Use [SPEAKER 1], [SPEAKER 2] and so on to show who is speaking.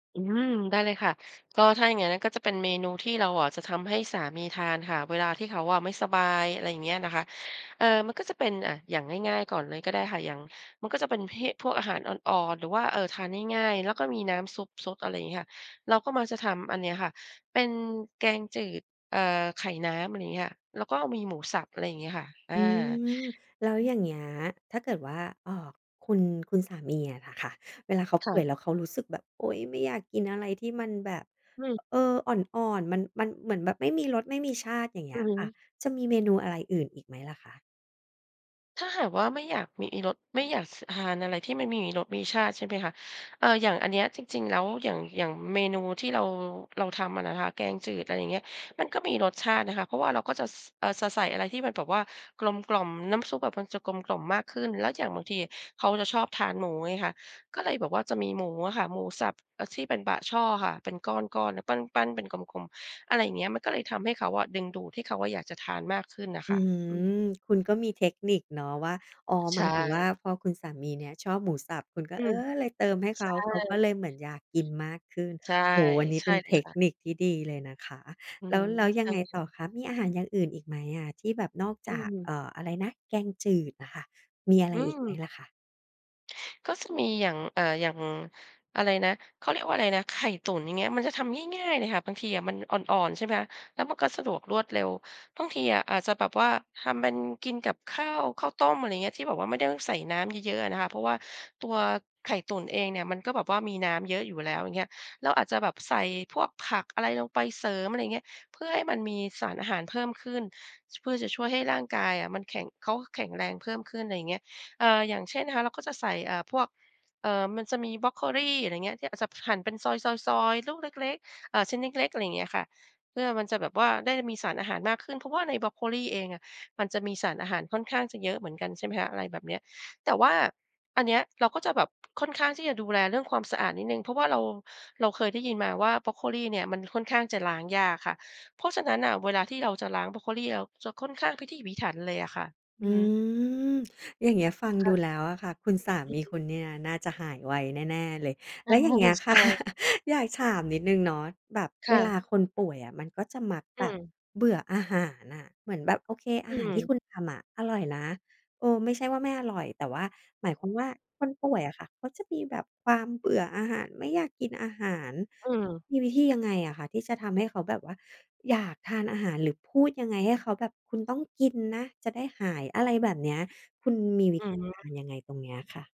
[SPEAKER 1] อืม ได้เลยค่ะ ก็ถ้าอย่างงั้นน่ะ ก็จะเป็นเมนูที่เราอะ จะทำให้สามีทานค่ะเวลาที่เขาอะไม่สบาย อะไรอย่างเงี้ยนะคะ เอ่อ มันก็จะเป็น อ่า อย่างง่าย ๆ ก่อนเลยก็ได้ค่ะ อย่าง มันก็จะเป็นเพ่ พวกอาหารอ่อน ๆ หรือว่า เอ่อ ทานง่าย ๆ แล้วก็มีน้ำซุปซด อะไรงี้ค่ะ เราก็มักจะทำอันเนี้ยค่ะ เป็นแกงจืด เอ่อ ไข่น้ำ อะไรอย่างนี้ค่ะ แล้วก็มีหมูสับ อะไรอย่างเงี้ยค่ะ อ
[SPEAKER 2] อ
[SPEAKER 1] า
[SPEAKER 2] ืม แล้ว
[SPEAKER 1] อื
[SPEAKER 2] อย
[SPEAKER 1] อ
[SPEAKER 2] ่างเงี้ย ถ้าเกิดว่า เอ่อ คุณ คุณสามีอะน่ะค่ะ เวลาเขา
[SPEAKER 1] ค
[SPEAKER 2] ป
[SPEAKER 1] ่
[SPEAKER 2] ่วย
[SPEAKER 1] ะ
[SPEAKER 2] แล้วเขารู้สึกแบบ โอ๊ย ไม่อยากกินอะไรที่มันแบบ
[SPEAKER 1] อือ
[SPEAKER 2] เออ อ่อน ๆ มัน มันเหมือนแบบไม่มีรสไม่มีชาติ อย่างเงี
[SPEAKER 1] อ
[SPEAKER 2] ้
[SPEAKER 1] ื
[SPEAKER 2] ย
[SPEAKER 1] อฮ
[SPEAKER 2] ค่ะ
[SPEAKER 1] ึ
[SPEAKER 2] จะมีเมนูอะไรอื่นอีกไหมล่ะค่ะ?
[SPEAKER 1] ถ้าหากว่าไม่อยากมีอีรส ไม่อยาก ส ทานอะไรที่ไม่มีรสมีชาติ ใช่ไหมคะ เอ่อ อย่างอันเนี้ยจริง ๆ แล้ว อย่าง อย่างเมนูที่เรา เราทำอะนะคะ แกงจืด อะไรอย่างเงี้ย มันก็มีรสชาตินะคะ เพราะว่าเราก็จะ ส เออ สะใส่อะไรที่มันแบบว่ากลมกล่อม น้ำซุปอะมันจะกลมกล่อมมากขึ้น แล้วอย่างบางทีเขาจะชอบทานหมูไงค่ะ ก็เลยแบบว่าจะมีหมูอะค่ะ หมูสับที่ เอ่อ เป็นบะช่อค่ะ เป็นก้อน ๆ น่ะ ปั้น ๆ เป็นกลม ๆ อะไรอย่างเงี้ย มันก็เลยทำให้เขาอะ ดึงดูดให้เขาอะอยากจะทานมากขึ้นน่ะ
[SPEAKER 2] อ
[SPEAKER 1] ค
[SPEAKER 2] ื
[SPEAKER 1] ่ะ
[SPEAKER 2] อฮึ
[SPEAKER 1] อืม
[SPEAKER 2] คุณก็มีเทคนิคเนาะว่า อ๋อ
[SPEAKER 1] ใช
[SPEAKER 2] หมายถึงว่า
[SPEAKER 1] ่
[SPEAKER 2] พอคุณสามีเนี่ยชอบหมูสับ คุณก็
[SPEAKER 1] อื
[SPEAKER 2] เอ
[SPEAKER 1] ม
[SPEAKER 2] อ
[SPEAKER 1] ใ
[SPEAKER 2] เลยเติมให้เข
[SPEAKER 1] ช
[SPEAKER 2] า เขาก็
[SPEAKER 1] ่
[SPEAKER 2] เลยเหมือนอยากกินมากขึ้น
[SPEAKER 1] ใช่
[SPEAKER 2] โอ้โฮ อันนี้
[SPEAKER 1] ใช
[SPEAKER 2] เป็
[SPEAKER 1] ่
[SPEAKER 2] น
[SPEAKER 1] เล
[SPEAKER 2] เท
[SPEAKER 1] ย
[SPEAKER 2] ค
[SPEAKER 1] ค่ะ
[SPEAKER 2] นิคที่ดีเลยนะคะ
[SPEAKER 1] อื
[SPEAKER 2] แล้ว
[SPEAKER 1] ม
[SPEAKER 2] แล้วย
[SPEAKER 1] ใช
[SPEAKER 2] ัง
[SPEAKER 1] ่
[SPEAKER 2] ไง
[SPEAKER 1] เลยค
[SPEAKER 2] ต่
[SPEAKER 1] ่
[SPEAKER 2] อ
[SPEAKER 1] ะ
[SPEAKER 2] คะ มีอาหารอย่างอื่นอีกไหมอะ ที่แบบนอก
[SPEAKER 1] อื
[SPEAKER 2] จาก เอ
[SPEAKER 1] ม
[SPEAKER 2] ่อ อะไรนะ แกงจืดน่ะค่ะ มีอะไร
[SPEAKER 1] อื
[SPEAKER 2] อีกไหม
[SPEAKER 1] ม
[SPEAKER 2] ล่ะค่ะ?
[SPEAKER 1] ก็จะมีอย่าง อ่า อย่าง อะไรนะ เขาเรียกว่าอะไรนะ ไข่ตุ๋น อย่างเงี้ย มันจะทำง่าย ๆ เลยค่ะ บางทีอะมันอ่อน ๆ ใช่ไหมคะ แล้วมันก็สะดวกรวดเร็ว บางทีอะอาจจะแบบว่าทำเป็นกินกับข้าว ข้าวต้ม อะไรอย่างเงี้ย ที่แบบว่าไม่ได้ต้องใส่น้ำเยอะ ๆ อะนะคะ เพราะว่าตัวไข่ตุ๋นเองเนี่ย มันก็แบบว่ามีน้ำเยอะอยู่แล้ว อย่างเงี้ย เราอาจจะแบบใส่พวกผักอะไรลงไปเสริม อะไรอย่างเงี้ย เพื่อให้มันมีสารอาหารเพิ่มขึ้น ช เพื่อจะช่วยให้ร่างกายอะมันแข็ง เขาแข็งแรงเพิ่มขึ้น อะไรอย่างเงี้ย เอ่อ อย่างเช่นนะคะ เราก็จะใส่ อ่า พวก เอ่อ มันจะมีบรอกโคลี อะไรอย่างเงี้ย ที่ปะสับหั่นเป็นซอย ๆ ๆ ลูกเล็ก ๆ อ่า ชิ้นเล็ก ๆ อะไรอย่างเงี้ยค่ะ เพื่อมันจะแบบว่าได้มีสารอาหารมากขึ้น เพราะว่าในบรอกโคลีเองอะ มันจะมีสารอาหารค่อนข้างจะเยอะเหมือนกัน ใช่ไหมคะ อะไรแบบเนี้ย แต่ว่าอันเนี้ยเราก็จะแบบค่อนข้างที่จะดูแลเรื่องความสะอาดนิดหนึ่ง เพราะว่าเรา เราเคยได้ยินมาว่า บรอกโคลีเนี่ยมันค่อนข้างจะล้างยากค่ะ เพราะฉะนั้นน่ะเวลาที่เราจะล้างบรอกโคลี เราจะค่อนข้างพิถีพิถันเลยอะค่ะ อื
[SPEAKER 2] อื
[SPEAKER 1] อฮึ
[SPEAKER 2] ม อย่างเงี้ย ฟัง
[SPEAKER 1] ค่
[SPEAKER 2] ดู
[SPEAKER 1] ะ
[SPEAKER 2] แล้วอะค่ะ คุณสา
[SPEAKER 1] อื
[SPEAKER 2] ม
[SPEAKER 1] อ
[SPEAKER 2] ี
[SPEAKER 1] ฮึ
[SPEAKER 2] คุณเนี่ยน่าจะหายไวแน่ ๆ เลย
[SPEAKER 1] เอ
[SPEAKER 2] แล
[SPEAKER 1] อ
[SPEAKER 2] ้วอย่างเงี้ย
[SPEAKER 1] ใ
[SPEAKER 2] ค
[SPEAKER 1] ช
[SPEAKER 2] ่ะ
[SPEAKER 1] ่
[SPEAKER 2] อยากถามนิดหนึ่งเนาะ แบบ
[SPEAKER 1] ค
[SPEAKER 2] เว
[SPEAKER 1] ่
[SPEAKER 2] ล
[SPEAKER 1] ะ
[SPEAKER 2] าคนป่วยอะ มันก็จะมัก
[SPEAKER 1] อ
[SPEAKER 2] แบบ
[SPEAKER 1] ืม
[SPEAKER 2] เบื่ออาหารน่ะ เหมือนแบบโอเค อ
[SPEAKER 1] อ
[SPEAKER 2] า
[SPEAKER 1] ื
[SPEAKER 2] หารที่
[SPEAKER 1] ม
[SPEAKER 2] คุณทำอะอร่อยนะ เออ ไม่ใช่ว่าไม่อร่อย แต่ว่าหมายความว่าคนป่วยอะค่ะ เขาจะมีแบบความเบื่ออาหาร ไม่อยากกินอาหาร
[SPEAKER 1] อืม
[SPEAKER 2] มีวิธียังไงอะคะที่จะทำให้เขาแบบว่า อยากทานอาหาร หรือพูดยังไงให้เขาแบบคุณต้องกินนะจะได้หาย อะไรแบบเนี้ย คุณมีวิ
[SPEAKER 1] อื
[SPEAKER 2] ธ
[SPEAKER 1] อ
[SPEAKER 2] ี
[SPEAKER 1] ฮ
[SPEAKER 2] ก
[SPEAKER 1] ึ
[SPEAKER 2] ารยังไงตรงเนี้ยค่ะ?